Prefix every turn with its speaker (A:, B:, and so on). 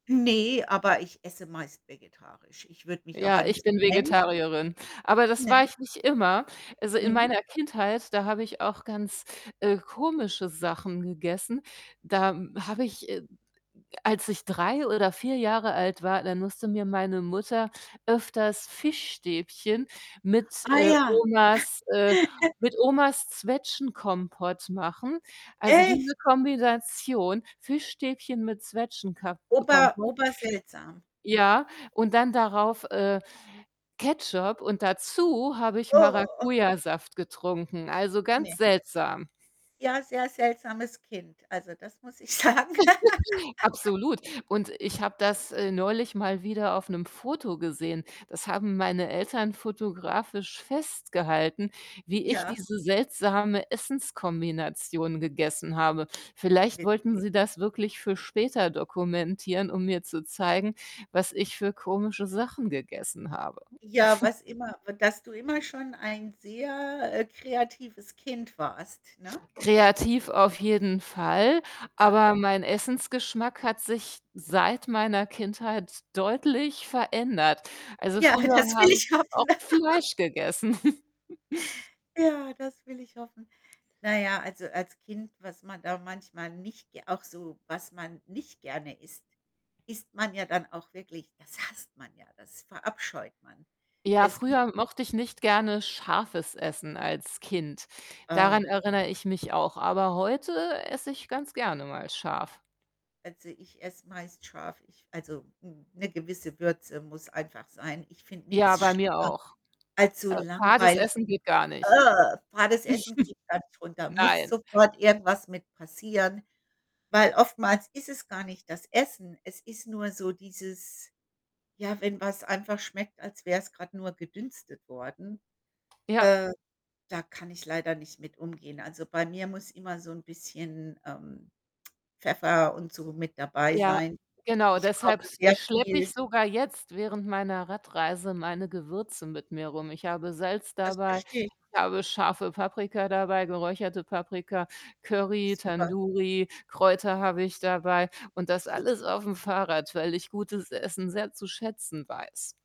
A: Ne, aber ich esse meist vegetarisch. Ich würde mich aber
B: Ja,
A: nicht
B: ich bin
A: so nennen.
B: Vegetarierin, aber das
A: Ne.
B: war ich nicht immer. Also, in
A: Mhm.
B: meiner Kindheit, da habe ich auch ganz, äh, komische Sachen gegessen. Da habe ich äh, als ich 3 oder 4 Jahre alt war, da musste mir meine Mutter öfters Fischstäbchen mit,
A: Ah
B: äh,
A: ja.
B: Omas äh, mit Omas Zwetschgenkompott machen. Also,
A: Echt?
B: diese Kombination, Fischstäbchen mit Zwetschgenka
A: Ober
B: Kompott
A: ober seltsam.
B: ja, und dann darauf, äh, Ketchup und dazu habe ich
A: Oh.
B: Maracujasaft getrunken, also, ganz
A: Ne.
B: seltsam.
A: Ja, sehr seltsames Kind, also, das muss ich sagen.
B: Absolut. Und ich habe das, äh, neulich mal wieder auf 'nem Foto gesehen. Das haben meine Eltern fotografisch festgehalten, wie ich
A: Ja.
B: diese seltsame Essens-Kombination gegessen habe. Vielleicht wollten
A: Witzig.
B: sie das wirklich für später dokumentieren, um mir zu zeigen, was ich für komische Sachen gegessen habe.
A: Ja, was immer, w dass du immer schon ein sehr, äh, kreatives Kind warst, ne?
B: Kreativ auf jeden Fall,
A: Ja.
B: aber mein Essensgeschmack hat sich, seit meiner Kindheit, deutlich verändert. Also,
A: Ja,
B: früher
A: das will
B: habe ich
A: ich
B: auch
A: hoffen.
B: Fleisch gegessen.
A: Ja, das will ich hoffen. Na ja, also, als Kind, was man da manchmal nicht g auch so, was man nicht gerne isst, isst man ja dann auch wirklich das hasst man ja, das verabscheut man.
B: Ja,
A: Es gibt
B: früher mochte ich nicht gerne scharfes Essen als Kind, daran
A: Oh.
B: erinnere ich mich auch, aber heute esse ich ganz gerne mal scharf.
A: Also, ich esse meist scharf. Ich also, hm, 'ne gewisse Würze muss einfach sein. Ich finde
B: Ja,
A: nix
B: bei mir
A: schlimmer
B: auch.
A: als so
B: Äh, fades
A: langweiliges.
B: Essen geht
A: [unintelligible]
B: gar nicht.
A: Fades Essen kriege ich gar nicht runter, muss
B: Nein.
A: sofort irgendwas mit passieren. Weil oftmals ist es gar nicht das Essen. Es ist nur so dieses ja, wenn was einfach schmeckt, als wäre es grad nur gedünstet worden,
B: Ja.
A: äh, da kann ich leider nicht mit umgehen. Also, bei mir muss immer so 'n bisschen, ähm, Pfeffer und so mit dabei
B: Ja,
A: sein.
B: genau,
A: Ich
B: deshalb
A: koche
B: s
A: sehr
B: schleppe ich
A: viel.
B: sogar jetzt während meiner Radreise meine Gewürze mit mir rum. Ich habe Salz
A: Das
B: dabei, ich
A: verstehe ich.
B: habe scharfe Paprika dabei, geräucherte Paprika, Curry,
A: Super.
B: Tandoori, Kräuter habe ich dabei und das
A: Su
B: alles auf'm Fahrrad, weil ich gutes Essen sehr zu schätzen weiß.